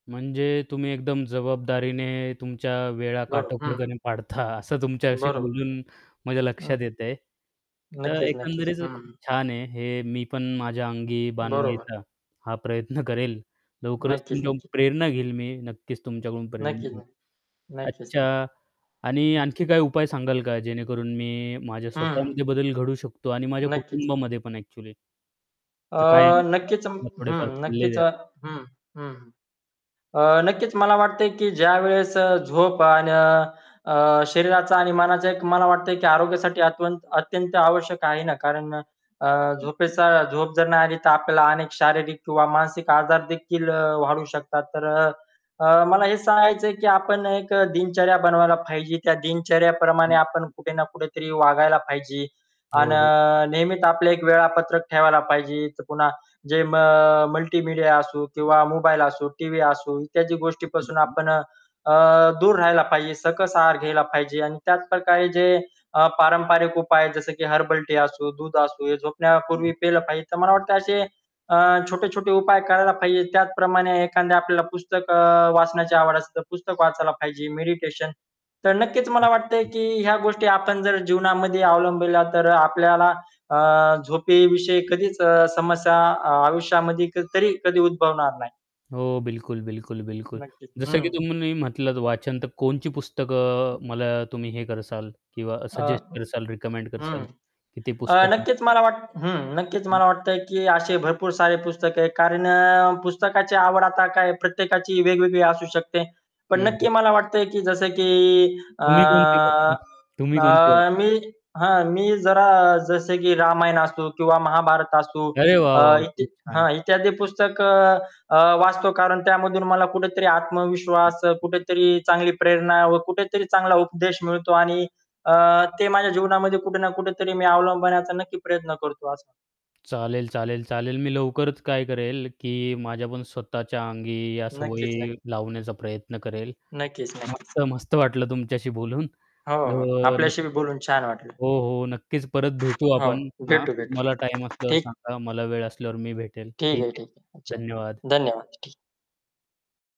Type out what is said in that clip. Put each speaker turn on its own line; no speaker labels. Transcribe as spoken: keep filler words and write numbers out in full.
म्हणजे तुम्ही एकदम जबाबदारीने तुमच्या वेळा
बरं. हं.
काटोपरक पाडता, असं तुमच्याशी
बरोबर.
बोलून माझ्या
हं.
लक्षात येत आहे. तर
नक्कीच, नक्कीच,
एकंदरीत खूप
हं.
छान आहे, हे मी पण माझ्या अंगी
बरोबर.
बाणवायचा हा प्रयत्न करेल. लवकरच
नक्कीच,
तुमच्याकडून
नक्कीच.
प्रेरणा घेईल मी नक्कीच तुमच्याकडून प्रेरणा
नक्कीच,
घेईन.
नक्की. नक्कीच, नक्की.
अच्छा आणि
हं.
आणखी काही उपाय सांगाल का, जेणेकरून मी माझ्या
हं.
स्वतःमध्ये बदल घडवू शकतो आणि माझ्या
नक्कीच.
कुटुंबामध्ये पण ॲक्चुअली.
अ,
तर काय आहे
नक्कीच म
[unintelligible]
हं.
थोडेफार सल्ले
नक्कीच
द्या.
हं, हं. अ, नक्कीच मला वाटतंय की ज्यावेळेस अ, झोप अन अ, शरीराचा आणि मनाचा एक मला वाटतय, की आरोग्यासाठी अत्यंत आवश्यक आहे ना, कारण अ,
हं, हं.
झोपेचा झोप जर नाही आली तर आपल्याला अनेक शारीरिक किंवा मानसिक आजार देखील वाढू शकतात. तर अ, अ, मला हे सांगायच आहे की आपण एक दिनचर्या बनवायला पाहिजे. त्या
हं,
दिनचर्याप्रमाणे आपण
हं.
कुठे ना कुठेतरी वागायला पाहिजे. अन
हो, हो.
नेहमीच आपल्या, एक वेळापत्रक ठेवायला पाहिजे. तर पुन्हा जे म अ, मल्टीमीडिया असो किंवा मोबाईल असो, टीव्ही असो इत्यादी
हं,
गोष्टीपासून
हं.
आपण अ, अ, दूर राहायला पाहिजे. सकस आहार घ्यायला पाहिजे. आणि त्याच प्रकारे जे अ, पारंपरिक उपाय जसं की हर्बल टी असो, दूध असो, हे
हं,
झोपण्यापूर्वी पिल
हं.
पाहिजे. तर मला वाटत असे अ, छोटे-छोटे उपाय करायला पाहिजे. त्याचप्रमाणे एखाद्या आपल्याला पुस्तक अ, वाचण्याची आवड असेल तर पुस्तक वाचायला पाहिजे. मेडिटेशन. तर नक्कीच
हं,
मला वाटतंय
हं.
की ह्या गोष्टी आपण जर जीवनामध्ये अवलंबल्या तर आपल्याला अ, झोपेविषयी कधीच अ, समस्या आयुष्यामध्ये तरी कधी उद्भवणार नाही.
हो, बिलकुल, बिलकुल, बिलकुल.
नक्कीच,
जसं की
हं.
तुम्ही म्हटलं वाचन तर कोणची पुस्तकं मला तुम्ही हे करसाल किंवा
अ,
सजेस्ट करसाल, रिकमेंड
हं.
करसाल, की ते
अ,
पुस्तक
नक्कीच मला वाटत हं. नक्कीच
हं.
मला वाटतं की असे भरपूर सारे पुस्तक आहे. कारण अ, पुस्तकाची आवड आता काय प्रत्येकाची वेगवेगळी असू शकते. पण
हं,
नक्की
हं.
मला वाटतं की जसे की अ,
तुम्ही कोणते [unintelligible] तुम्ही
अ,
कोणते [unintelligible]
मी हं, मी जरा जसे की रामायण, असो किंवा महाभारत असू.
अरे वाह,
अ,
वाह!
इ
खूप छान,
हां,
खूप छान.
इत्यादी पुस्तक अ, वाचतो कारण त्यामधून मला कुठेतरी आत्मविश्वास, अ,
[unintelligible]
कुठेतरी चांगली प्रेरणा व कुठेतरी चांगला उपदेश मिळतो आणि अ, ते माझ्या जीवनामध्ये कुठे ना कुठेतरी मी अवलंबण्याचा नक्की प्रयत्न करतो असं.
चालेल, चालेल, चालेल. मी लवकरच काय करेल, की माझ्या पण स्वतःच्या अंगी या
नक्कीच, नक्कीच.
सवयी लावण्याचा प्रयत्न करेल.
नक्कीच, नक्कीच.
मस्त-मस्त वाटलं तुमच्याशी बोलून,
हो, हो.
तर
आपल्याशी बोलून छान वाटलं.
हो, हो, नक्कीच. परत भेटू
हो,
आपण हां,
भेटू भेटू.
तुम्हाला टाईम असल्यावर
ठीक.
सांगा, मला वेळ असल्यावर मी भेटेल
ठीक
ठीक
आहे,
आहे,
ठीक आहे, अच्छा.
धन्यवाद.
धन्यवाद. ठीक.